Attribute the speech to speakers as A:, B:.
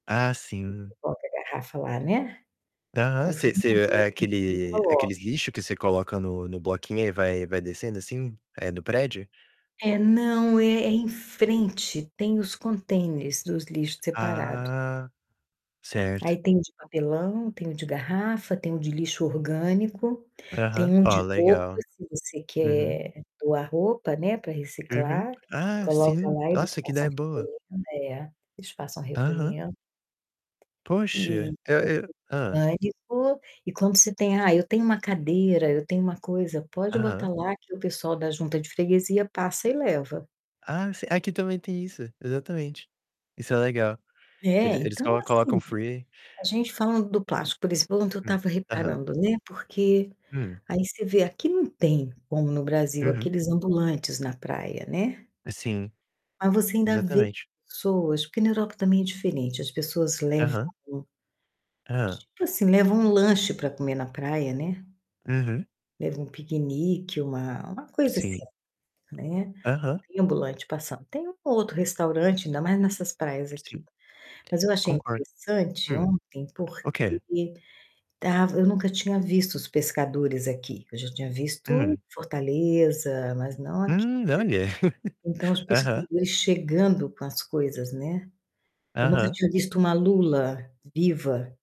A: Ah,
B: Você
A: sim.
B: bota a garrafa lá, né,
A: Aham,
B: aí
A: você
B: não
A: você
B: vê
A: é
B: aonde que
A: aquele
B: coloca.
A: aqueles lixo que você coloca no no bloquinho, aí vai vai descendo, assim, eh, no prédio?
B: É, não, é é em frente, tem os contêineres dos lixo separado.
A: Ah, certo.
B: Aí tem o de papelão, tem o de garrafa, tem o de lixo orgânico, tem
A: Aham,
B: um
A: ó,
B: de roupa,
A: legal.
B: se você
A: Uhum.
B: quer doar roupa, né, para
A: Uhum.
B: reciclar,
A: Ah,
B: coloca
A: sim,
B: lá, eles
A: nossa, que
B: passam
A: ideia boa.
B: recolhendo É eles passam
A: Aham.
B: recolhendo e
A: Poxa, eu eu
B: tem
A: Hã?
B: orgânico e quando você tem: "Ah, eu tenho um cadeira, eu tenho uma coisa," pode botar
A: Aham.
B: lá que o pessoal da junta de freguesia passa e leva.
A: Ah, eu sei, aqui também tem isso. Exatamente. Isso é legal, que
B: É,
A: ele eles
B: então,
A: colo
B: assim,
A: colocam free
B: a gente falando do plástico, por exemplo, ontem eu
A: Hum.
B: estava
A: Aham.
B: reparando, né, porque,
A: Hum.
B: aí você vê, aqui não tem, como no Brasil
A: Uhum.
B: aqueles ambulantes na praia, né,
A: Sim,
B: mas você ainda vê
A: exatamente.
B: pessoas, porque na Europa também é diferente, as pessoas levam
A: Aham. Hã?
B: tipo, assim, levam um lanche pra comer na praia, né.
A: Uhum.
B: Leva um piquenique, uma uma coisa assim,
A: Sim.
B: né. não
A: Aham.
B: tem ambulante passando. Tem um ou outro restaurante, ainda mais nessas praias
A: Sim.
B: aqui. Mas eu achei
A: Concordo.
B: interessante
A: Hum,
B: ontem,
A: o quê?
B: porque estava eu nunca tinha visto os pescadores aqui, eu já tinha visto
A: Hum.
B: Fortaleza, mas não aqui,
A: Hum, olha!
B: né, então os
A: Aham.
B: pescadores chegando com as coisas, né. Eu nunca
A: Aham.
B: tinha visto uma lula viva.